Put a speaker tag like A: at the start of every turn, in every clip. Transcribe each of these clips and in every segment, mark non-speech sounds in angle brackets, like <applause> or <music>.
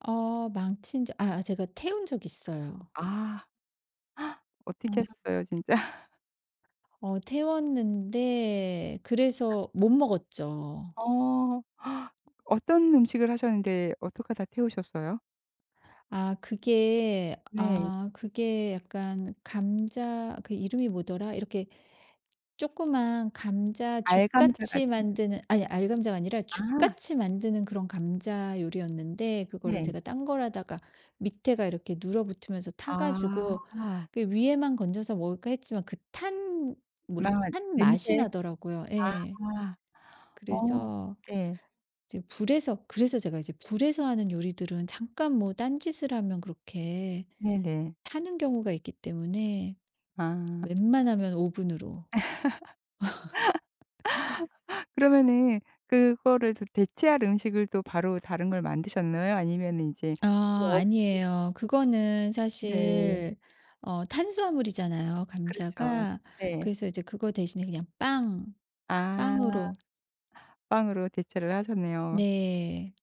A: 어 망친 적 아 제가 태운 적 있어요.
B: 아. <gasps> 어떻게
A: 어.
B: 하셨어요 진짜?
A: 어 태웠는데 그래서 못 먹었죠.
B: 어. <gasps> 어떤 음식을 하셨는데 어떡하다 태우셨어요?
A: 아 그게,
B: 네.
A: 아 그게 약간 감자 그 이름이 뭐더라? 이렇게 쪼끄만
B: 알감자
A: 감자죽같이
B: 같은.
A: 만드는 아니 알감자가 아니라
B: 아.
A: 죽같이 만드는 그런 감자 요리였는데 그거를
B: 네.
A: 제가 딴 걸 하다가 밑에가 이렇게 눌어 붙으면서 타 가지고
B: 아.
A: '그 위에만 건져서 먹을까.' 했지만 그 탄 뭐라
B: 막
A: 탄 맛이
B: 냄새.
A: 나더라고요.
B: 아.
A: 예.
B: 어.
A: 그래서
B: 네.
A: 이제 불에서 그래서 제가 이제 불에서 하는 요리들은 잠깐 뭐 딴짓을 하면 그렇게
B: 네네.
A: 타는 경우가 있기 때문에
B: 아.
A: 웬만하면 오븐으로. <laughs>
B: <laughs> 그러면은 그거를 더 대체할 음식을 또 바로 다른 걸 만드셨나요? 아니면 인제
A: 아
B: 그거 없이
A: 아니에요. 그거는
B: 네.
A: 사실 어 탄수화물이잖아요
B: 그렇죠.
A: 감자가.
B: 네.
A: 그래서 이제 그거 대신에 그냥 빵,
B: 아.
A: 빵으로.
B: 빵으로 대체를 하셨네요.
A: 네.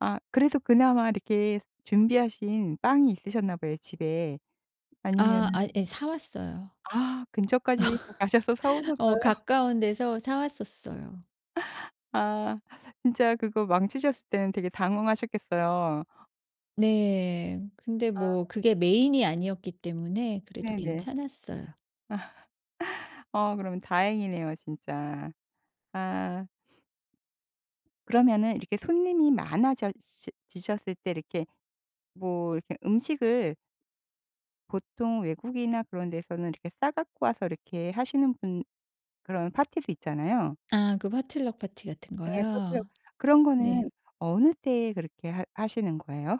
B: 아 그래서 그나마 이렇게 준비하신 빵이 있으셨나 봐요 집에.
A: 아
B: 아니면은
A: 아 예 사왔어요.
B: 아 근처까지 또 가셔서
A: <laughs> 어
B: 사오셨어요?
A: 가까운 데서 사 왔었어요.
B: 아. 진짜 그거 망치셨을 때는 되게 당황하셨겠어요.
A: 네. 근데
B: 아.
A: 뭐 그게 메인이 아니었기 때문에 그래도
B: 네네.
A: 괜찮았어요.
B: 아. <laughs> 어 그러면 다행이네요 진짜. 아. 그러면은 이렇게 손님이 많아져 시 지셨을 때 이렇게 뭐 이렇게 음식을 보통 외국이나 그런 데서는 이렇게 싸 갖고 와서 이렇게 하시는 분 그런 파티도 있잖아요?
A: 아 그 potluck 파티 같은
B: 네. potluck
A: 거요.
B: 그런
A: 네.
B: 거는 어느 때 그렇게 하 하시는 거예요?